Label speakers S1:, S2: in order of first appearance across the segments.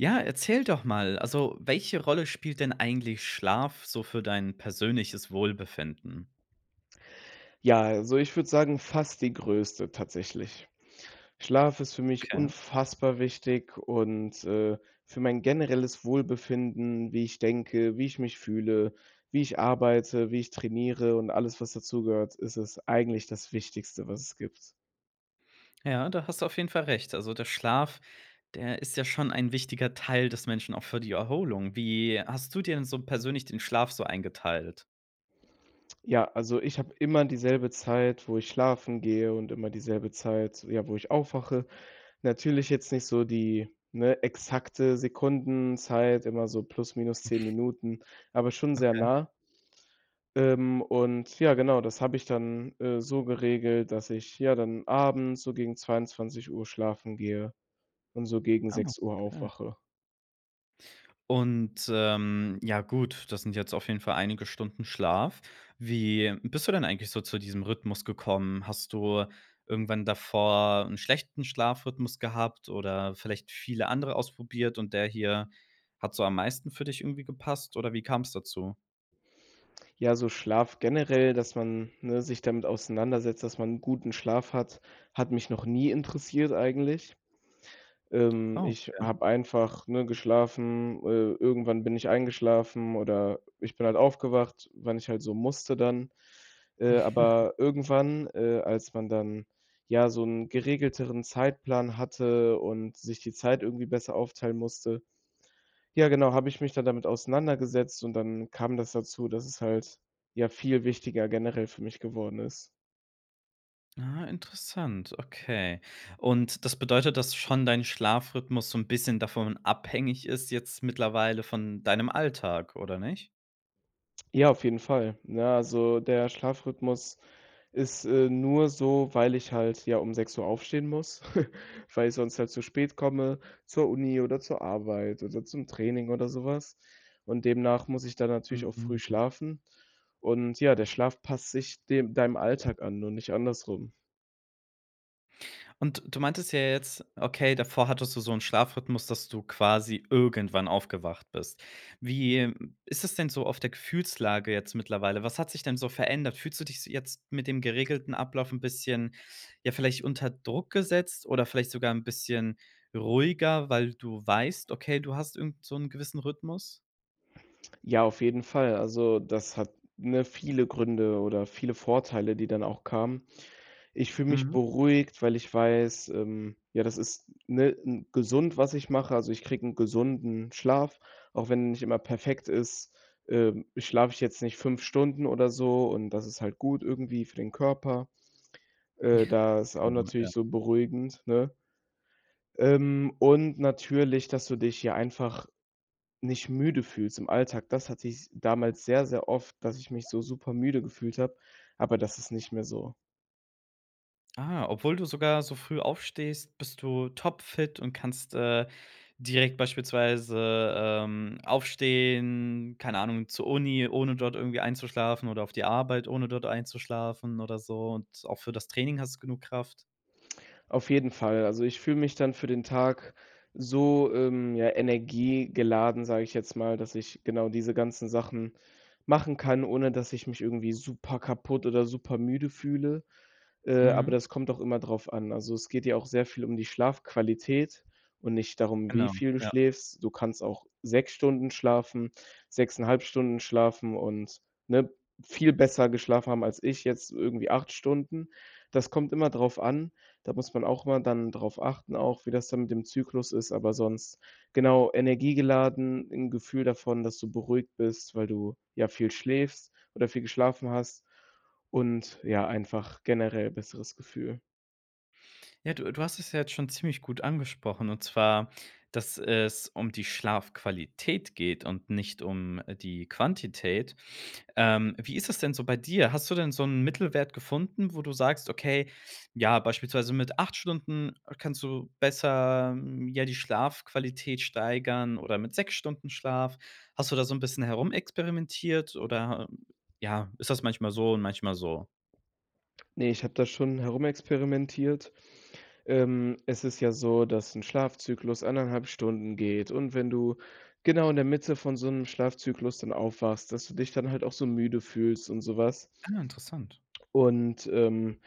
S1: Ja, erzähl doch mal, also, welche Rolle spielt denn eigentlich Schlaf so für dein persönliches Wohlbefinden?
S2: Ja, also, ich würde sagen fast die Größte tatsächlich. Schlaf ist für mich
S1: Okay.
S2: unfassbar wichtig und, äh, für mein generelles Wohlbefinden, wie ich denke, wie ich mich fühle, wie ich arbeite, wie ich trainiere und alles, was dazu gehört, ist es eigentlich das Wichtigste, was es gibt.
S1: Ja, da hast du auf jeden Fall recht. Also, der Schlaf, der ist ja schon ein wichtiger Teil des Menschen auch für die Erholung. Wie hast du dir denn so persönlich den Schlaf so eingeteilt?
S2: Ja, also, ich habe immer dieselbe Zeit, wo ich schlafen gehe und immer dieselbe Zeit, ja, wo ich aufwache. Natürlich jetzt nicht so die, ne, exakte Sekundenzeit, immer so plus minus 10 Minuten, aber schon sehr
S1: Okay.
S2: nah. Ähm, und ja, genau, das habe ich dann, äh, so geregelt, dass ich, ja, dann abends so gegen 22:00 schlafen gehe und so gegen
S1: Ah,
S2: 6:00
S1: okay.
S2: aufwache.
S1: Und, ähm, ja, gut, das sind jetzt auf jeden Fall einige Stunden Schlaf. Wie bist du denn eigentlich so zu diesem Rhythmus gekommen? Hast du irgendwann davor 'n schlechten Schlafrhythmus gehabt oder vielleicht viele andere ausprobiert, und der hier hat so am meisten für dich irgendwie gepasst, oder wie kam's dazu?
S2: Ja, also, Schlaf generell, dass man, ne, sich damit auseinandersetzt, dass man 'n guten Schlaf hat, hat mich noch nie interessiert eigentlich. Ähm,
S1: Ah,
S2: ich
S1: okay.
S2: habe einfach, ne, geschlafen. Äh, irgendwann bin ich eingeschlafen, oder ich bin halt aufgewacht, wenn ich halt so musste dann. Äh, aber irgendwann, äh, als man dann, ja, so 'n geregelteren Zeitplan hatte und sich die Zeit irgendwie besser aufteilen musste, ja, genau, habe ich mich dann damit auseinandergesetzt und dann kam das dazu, dass es halt, ja, viel wichtiger generell für mich geworden ist.
S1: Ah, interessant, okay. Und das bedeutet, dass schon dein Schlafrhythmus so 'n bisschen davon abhängig ist jetzt mittlerweile von deinem Alltag, oder nicht?
S2: Ja, auf jeden Fall, ne, also, der Schlafrhythmus ist, äh, nur so, weil ich halt, ja, um 6:00 aufstehen muss, weil ich sonst halt zu spät komme zur Uni oder zur Arbeit oder zum Training oder so was, und demnach muss ich dann natürlich auch früh
S1: Mhm.
S2: schlafen. Und, ja, der Schlaf passt sich dem deinem Alltag an und nicht andersrum.
S1: Und du meintest ja jetzt, okay, davor hattest du so 'n Schlafrhythmus, dass du quasi irgendwann aufgewacht bist. Wie, ähm, ist es denn so auf der Gefühlslage jetzt mittlerweile? Was hat sich denn so verändert? Fühlst du dich se jetzt mit dem geregelten Ablauf 'n bisschen, ja, vielleicht unter Druck gesetzt oder vielleicht sogar 'n bisschen ruhiger, weil du weißt: „Okay, du hast irgend so 'n gewissen Rhythmus“?
S2: Ja, auf jeden Fall. Also, das hat, ne, viele Gründe oder viele Vorteile, die dann auch kamen. Ich fühle mich
S1: Mhm.
S2: beruhigt, weil ich weiß, ähm, ja, das ist, ne, 'n gesund, was ich mache, also, ich kriege 'n gesunden Schlaf, auch wenn nicht immer perfekt ist, ähm, schlafe ich jetzt nicht 5 Stunden oder so und das ist halt gut irgendwie für den Körper, äh, das ist auch
S1: Genau,
S2: natürlich
S1: ja.
S2: so beruhigend, ne? Ähm, und natürlich, dass du dich, ja, einfach nicht müde fühlst im Alltag, das hatte ich damals sehr, sehr oft, dass ich mich so super müde gefühlt habe, aber das ist nicht mehr so.
S1: Ah, obwohl du sogar so früh aufstehst, bist du topfit und kannst, äh, direkt beispielsweise, ähm, aufstehen, keine Ahnung, zur Uni, ohne dort irgendwie einzuschlafen oder auf die Arbeit, ohne dort einzuschlafen oder so und auch für das Training hast du genug Kraft?
S2: Auf jeden Fall. Also, ich fühle mich dann für den Tag so, ähm, ja, energiegeladen, sage ich jetzt mal, dass ich genau diese ganzen Sachen machen kann, ohne dass ich mich irgendwie super kaputt oder super müde fühle. Äh, aber
S1: Mhm.
S2: das kommt auch immer drauf an. Also, es geht ja auch sehr viel um die Schlafqualität und nicht darum, wie
S1: Genau,
S2: viel du
S1: ja.
S2: schläfst. Du kannst auch 6 Stunden schlafen, 6,5 Stunden schlafen und, ne, viel besser geschlafen haben, als ich jetzt irgendwie 8 Stunden. Das kommt immer drauf an. Da muss man auch mal dann drauf achten auch, wie das dann mit dem Zyklus ist, aber sonst genau, energiegeladen, 'n Gefühl davon, dass du beruhigt bist, weil du, ja, viel schläfst oder viel geschlafen hast und, ja, einfach generell besseres Gefühl.
S1: Ja, du du hast es ja jetzt schon ziemlich gut angesprochen und zwar, dass es um die Schlafqualität geht und nicht um die Quantität. Ähm, wie ist es denn so bei dir? Hast du denn so 'n Mittelwert gefunden, wo du sagst, okay, ja, beispielsweise mit 8 Stunden kannst du besser, hm, ja, die Schlafqualität steigern oder mit 6 Stunden Schlaf? Hast du da so 'n bisschen herumexperimentiert, oder, äh, ja ist das manchmal so und manchmal so?
S2: Ne, ich habe das schon herumexperimentiert. Ähm, es ist ja so, dass 'n Schlafzyklus 1,5 Stunden geht und wenn du genau in der Mitte von so 'nem Schlafzyklus dann aufwachst, dass du dich dann halt auch so müde fühlst und sowas.
S1: Ah, interessant.
S2: Und, ähm,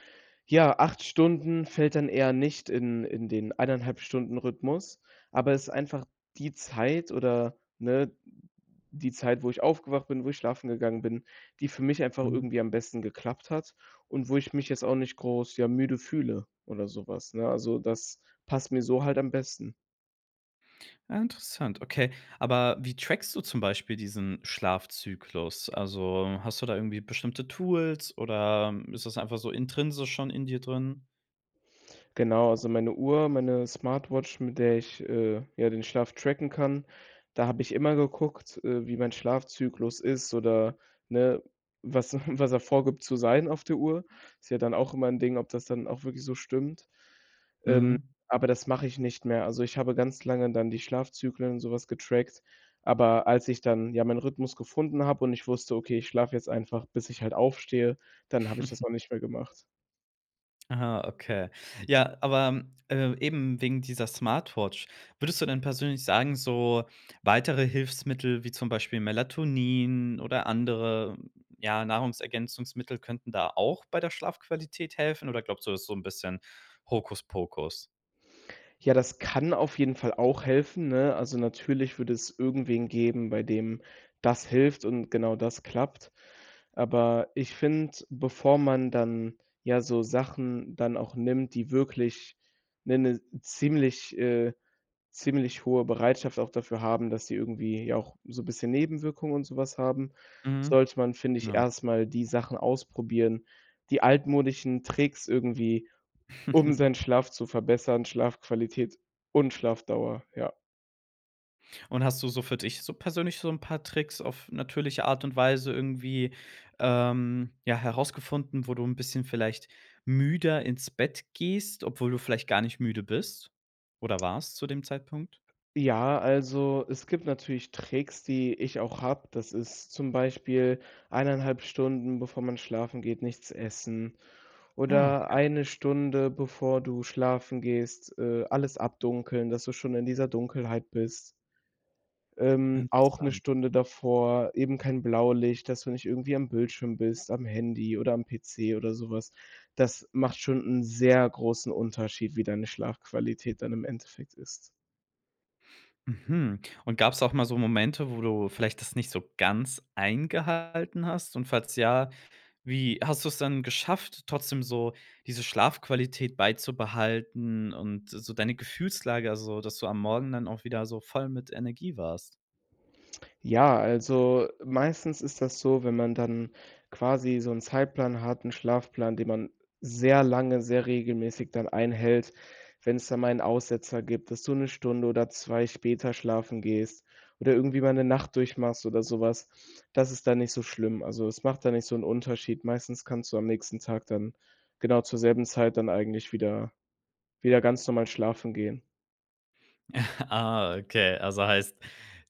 S2: ja, 8 Stunden fällt dann eher nicht in in den 1,5 Stunden Rhythmus, aber es ist einfach die Zeit, oder ne, die Zeit, wo ich aufgewacht bin, wo ich schlafen gegangen bin, die für mich einfach
S1: Mhm.
S2: irgendwie am besten geklappt hat und wo ich mich jetzt auch nicht groß, ja, müde fühle oder sowas, ne? Also, das passt mir so halt am besten.
S1: Ja, interessant, okay. Aber wie trackst du zum Beispiel diesen Schlafzyklus? Also, hast du da irgendwie bestimmte Tools, oder ist das einfach so intrinsisch schon in dir drin?
S2: Genau, also, meine Uhr, meine Smartwatch, mit der ich, äh, ja, den Schlaf tracken kann, da habe ich immer geguckt, äh, wie mein Schlafzyklus ist oder, ne, was was er vorgibt zu sein auf der Uhr. Ist ja dann auch immer 'n Ding, ob das dann auch wirklich so stimmt, ähm,
S1: Mhm.
S2: aber das mache ich nicht mehr. Also, ich habe ganz lange dann die Schlafzyklen und sowas getrackt, aber als ich dann ja meinen Rhythmus gefunden habe und ich wusste: „Okay, ich schlafe jetzt einfach, bis ich halt aufstehe“, dann habe ich das auch nicht mehr gemacht.
S1: Aha, okay. Ja, aber, äh, eben wegen dieser Smartwatch, würdest du denn persönlich sagen, so weitere Hilfsmittel, wie zum Beispiel Melatonin oder andere, ja, Nahrungsergänzungsmittel könnten da auch bei der Schlafqualität helfen, oder glaubst du, das so 'n bisschen Hokuspokus?
S2: Ja, das kann auf jeden Fall auch helfen, ne? Also, natürlich würde es irgendwen geben, bei dem das hilft und genau das klappt, aber ich finde, bevor man dann, ja, so Sachen dann auch nimmt, die wirklich 'ne 'ne ziemlich, äh ziemlich hohe Bereitschaft auch dafür haben, dass die irgendwie, ja, auch so 'n bisschen Nebenwirkungen und sowas haben,
S1: Mhm.
S2: sollte man, finde ich,
S1: Genau.
S2: erst mal die Sachen ausprobieren, die altmodischen Tricks irgendwie, um seinen Schlaf zu verbessern, Schlafqualität und Schlafdauer, ja.
S1: Und hast du so für dich so persönlich so 'n paar Tricks auf natürliche Art und Weise irgendwie, ähm, ja, herausgefunden, wo du 'n bisschen vielleicht müder ins Bett gehst, obwohl du vielleicht gar nicht müde bist oder warst zu dem Zeitpunkt?
S2: Ja, also, es gibt natürlich Tricks, die ich auch habe. Das ist zum Beispiel 1,5 Stunden, bevor man schlafen geht, nichts essen
S1: Ah,
S2: oder
S1: okay.
S2: 1 Stunde, bevor du schlafen gehst, äh, alles abdunkeln, dass du schon in dieser Dunkelheit bist. Ähm, auch 'ne
S1: Interessant.
S2: Stunde davor eben kein Blaulicht, dass du nicht irgendwie am Bildschirm bist, am Handy oder am PC oder sowas. Das macht schon 'n sehr großen Unterschied, wie deine Schlafqualität dann im Endeffekt ist.
S1: Mhm, und gab's auch mal so Momente, wo du vielleicht das nicht so ganz eingehalten hast und falls ja, wie hast du es dann geschafft, trotzdem so diese Schlafqualität beizubehalten und so deine Gefühlslage also, dass du am Morgen dann auch wieder so voll mit Energie warst?
S2: Ja, also, meistens ist das so, wenn man dann quasi so 'n Zeitplan hat, 'n Schlafplan, den man sehr lange, sehr regelmäßig dann einhält, wenn's dann mal 'n Aussetzer gibt, dass du 'ne Stunde oder 2 später schlafen gehst oder irgendwie mal 'ne Nacht durchmachst oder sowas, das ist dann nicht so schlimm, also, es macht dann nicht so 'n Unterschied. Meistens kannst du am nächsten Tag dann genau zur selben Zeit dann eigentlich wieder wieder ganz normal schlafen gehen.
S1: Ah, okay. Also, heißt,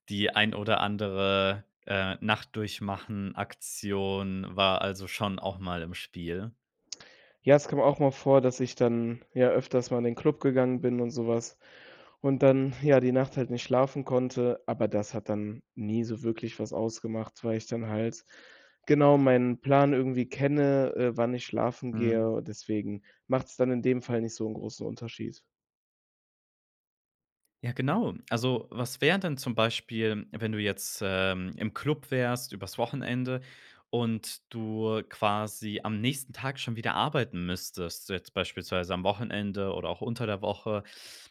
S1: die ein oder andere, äh, Nacht-Durchmachen-Aktion war also schon auch mal im Spiel?
S2: Ja, es kam auch mal vor, dass ich dann, ja, öfters mal in den Club gegangen bin und so was und dann, ja, die Nacht halt nicht schlafen konnte. Aber das hat dann nie so wirklich was ausgemacht, weil ich dann halt genau meinen Plan irgendwie kenne, äh, wann ich schlafen
S1: Mhm.
S2: gehe. Deswegen macht's dann in dem Fall nicht so 'n großen Unterschied.
S1: Ja, genau. Also, was wäre denn zum Beispiel, wenn du jetzt, ähm, im Club wärst übers Wochenende und du quasi am nächsten Tag schon wieder arbeiten müsstest, jetzt beispielsweise am Wochenende oder auch unter der Woche?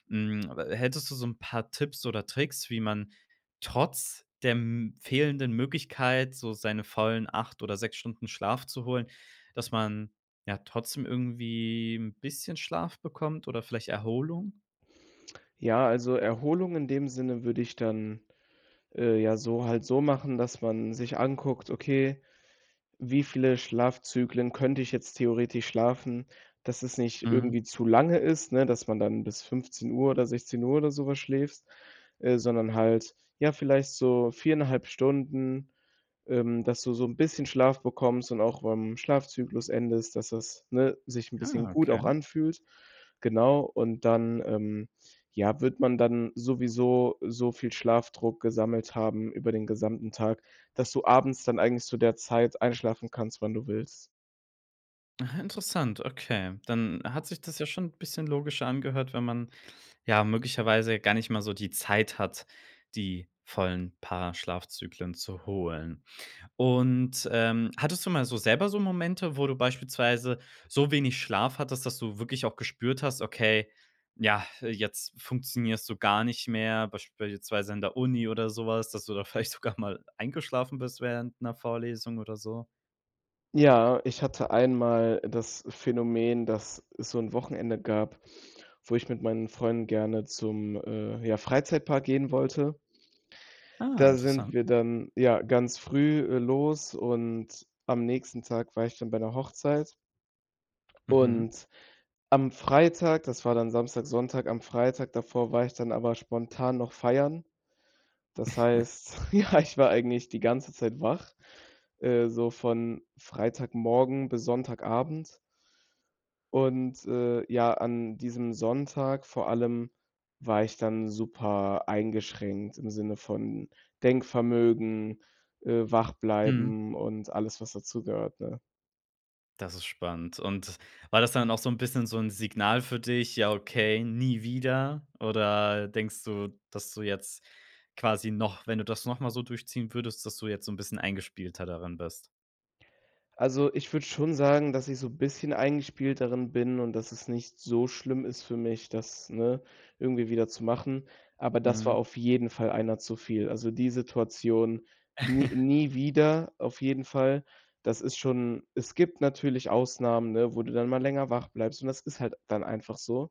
S1: Hm, a hättest du so 'n paar Tipps oder Tricks, wie man trotz der m fehlenden Möglichkeit, so seine vollen 8 oder 6 Stunden Schlaf zu holen, dass man, ja, trotzdem irgendwie 'n bisschen Schlaf bekommt oder vielleicht Erholung?
S2: Ja, also, Erholung in dem Sinne würde ich dann, äh, ja, so halt so machen, dass man sich anguckt: „Okay, wie viele Schlafzyklen könnte ich jetzt theoretisch schlafen, dass es nicht
S1: Mhm.
S2: irgendwie zu lange ist?“ Ne, dass man dann bis 15:00 oder 16:00 oder sowas schläfst, äh, sondern halt, ja, vielleicht so 4,5 Stunden, ähm, dass du so 'n bisschen Schlaf bekommst und auch beim Schlafzyklus endest, dass das, ne, sich 'n bisschen
S1: Ah,
S2: gut
S1: okay.
S2: auch anfühlt, genau. Und dann, ähm, ja, wird man dann sowieso so viel Schlafdruck gesammelt haben über den gesamten Tag, dass du abends dann eigentlich zu der Zeit einschlafen kannst, wann du willst.
S1: Ah, interessant. Okay, dann hat sich das ja schon 'n bisschen logischer angehört, wenn man, ja, möglicherweise ja gar nicht mal so die Zeit hat, die vollen paar Schlafzyklen zu holen. Und, ähm, hattest du mal so selber so Momente, wo du beispielsweise so wenig Schlaf hattest, dass du wirklich auch gespürt hast, okay, ja, jetzt funktionierst du gar nicht mehr? Beispielsweise in der Uni oder sowas, dass du da vielleicht sogar mal eingeschlafen bist während 'ner Vorlesung oder so?
S2: Ja, ich hatte einmal das Phänomen, dass es so 'n Wochenende gab, wo ich mit meinen Freunden gerne zum, äh, ja, Freizeitpark gehen wollte.
S1: Ah,
S2: Da sind
S1: interessant.
S2: wir dann, ja, ganz früh, äh, los und am nächsten Tag war ich dann bei 'ner Hochzeit.
S1: Mhm.
S2: Und am Freitag, das war dann Samstag, Sonntag am Freitag davor war ich dann aber spontan noch feiern. Das heißt, ja, ich war eigentlich die ganze Zeit wach, äh, so von Freitagmorgen bis Sonntagabend. Und, äh, ja, an diesem Sonntag vor allem war ich dann super eingeschränkt im Sinne von Denkvermögen, äh, wach
S1: Mhm.
S2: bleiben und alles, was dazu gehört, ne?
S1: Das ist spannend. Und war das dann auch so 'n bisschen so 'n Signal für dich: „Ja, okay, nie wieder“? Oder denkst du, dass du jetzt quasi noch wenn du das nochmal so durchziehen würdest, dass du jetzt so 'n bisschen eingespielter darin bist?
S2: Also, ich würde schon sagen, dass ich so bisschen eingespielt darin bin und dass es nicht so schlimm ist für mich, das, ne, irgendwie wieder zu machen, aber das
S1: Mhm.
S2: war auf jeden Fall einer zu viel. Also, die Situation n nie wieder, auf jeden Fall. Das ist schon Es gibt natürlich Ausnahmen, ne, wo du dann mal länger wach bleibst und das ist halt dann einfach so,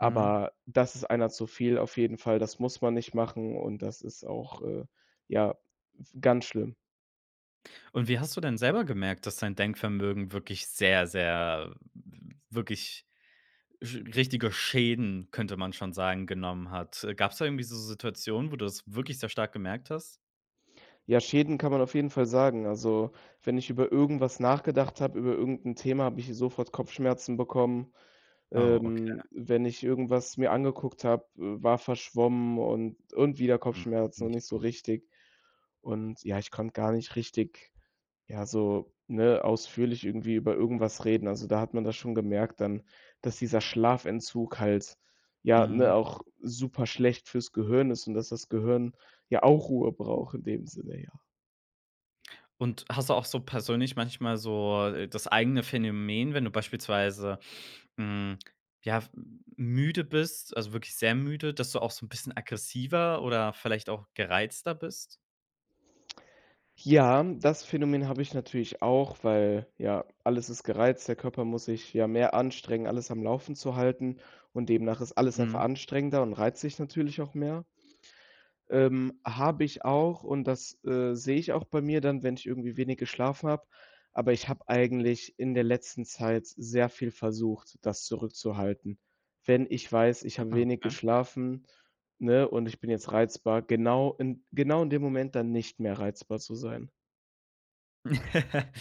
S1: Mhm.
S2: das ist einer zu viel, auf jeden Fall. Das muss man nicht machen und das ist auch, äh, ja, w ganz schlimm.
S1: Und wie hast du denn selber gemerkt, dass dein Denkvermögen wirklich sehr, sehr w wirklich Sch richtige Schäden, könnte man schon sagen, genommen hat? Äh, gab's da irgendwie so Situationen, wo du das wirklich sehr stark gemerkt hast?
S2: Ja, Schäden kann man auf jeden Fall sagen. Also, wenn ich über irgendwas nachgedacht habe, über irgend 'n Thema, habe ich sofort Kopfschmerzen bekommen.
S1: Oh,
S2: Ähm,
S1: okay.
S2: wenn ich irgendwas mir angeguckt habe, äh, war verschwommen und und wieder
S1: Hm,
S2: Kopfschmerzen und
S1: nicht
S2: nicht so
S1: gut.
S2: richtig Und, ja, ich konnte gar nicht richtig, ja, so, ne, ausführlich irgendwie über irgendwas reden. Also, da hat man das schon gemerkt dann, dass dieser Schlafentzug halt, ja,
S1: Mhm.
S2: ne, auch super schlecht fürs Gehirn ist und dass das Gehirn ja auch Ruhe braucht in dem Sinne, ja.
S1: Und hast du auch so persönlich manchmal so das eigene Phänomen, wenn du beispielsweise, hm, ja, f müde bist, also, wirklich sehr müde, dass du auch so 'n bisschen aggressiver oder vielleicht auch gereizter bist?
S2: Ja, das Phänomen habe ich natürlich auch, weil, ja, alles ist gereizt, der Körper muss sich ja mehr anstrengen, alles am Laufen zu halten und demnach ist alles einfach
S1: Mhm.
S2: anstrengender und reizt dich natürlich auch mehr. Ähm, habe ich auch und das, äh, sehe ich auch bei mir dann, wenn ich irgendwie wenig geschlafen habe, aber ich habe eigentlich in der letzten Zeit sehr viel versucht, das zurückzuhalten. Wenn ich weiß, ich habe
S1: Aha,
S2: wenig
S1: okay.
S2: geschlafen, ne, und ich bin jetzt reizbar, genau in genau in dem Moment, dann nicht mehr reizbar zu sein.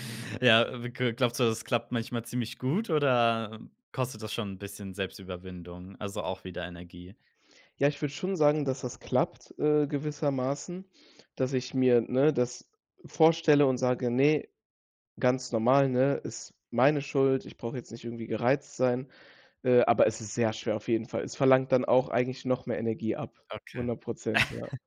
S1: Ja, äh, g glaubst du, das klappt manchmal ziemlich gut, oder kostet das schon 'n bisschen Selbstüberwindung, also, auch wieder Energie?
S2: Ja, ich würde schon sagen, dass das klappt, äh, gewissermaßen. Dass ich mir, ne, das vorstelle und sage: „Ne, ganz normal, ne, ist meine Schuld, ich brauche jetzt nicht irgendwie gereizt sein.“ Äh, aber es ist sehr schwer auf jeden Fall. Es verlangt dann auch eigentlich noch mehr Energie ab,
S1: Okay.
S2: 100 %, ja.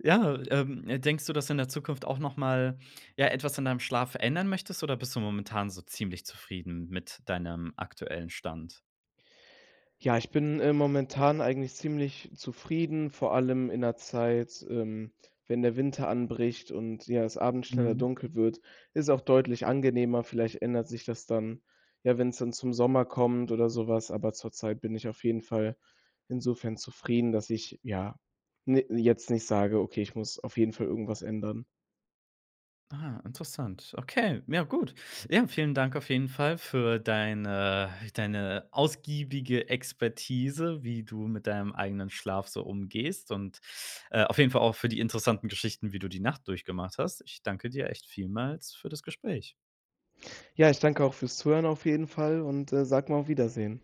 S1: Ja, ähm, denkst du, dass du in der Zukunft auch noch mal, ja, etwas an deinem Schlaf ändern möchtest, oder bist du momentan so ziemlich zufrieden mit deinem aktuellen Stand?
S2: Ja, ich bin, äh, momentan eigentlich ziemlich zufrieden. Vor allem in 'ner Zeit, ähm, wenn der Winter anbricht und, ja, es abends schneller
S1: Mhm.
S2: dunkel wird, ist auch deutlich angenehmer. Vielleicht ändert sich das dann, ja, wenn's dann zum Sommer kommt oder so was, aber zur Zeit bin ich auf jeden Fall insofern zufrieden, dass ich, ja, ne, jetzt nicht sage: „Okay, ich muss auf jeden Fall irgendwas ändern.“
S1: Ah, interessant. Okay, ja, gut. Ja, vielen Dank auf jeden Fall für deine deine ausgiebige Expertise, wie du mit deinem eigenen Schlaf so umgehst und, äh, auf jeden Fall auch für die interessanten Geschichten, wie du die Nacht durchgemacht hast. Ich danke dir echt vielmals für das Gespräch.
S2: Ja, ich danke auch fürs Zuhören auf jeden Fall und, äh, sage mal auf Wiedersehen.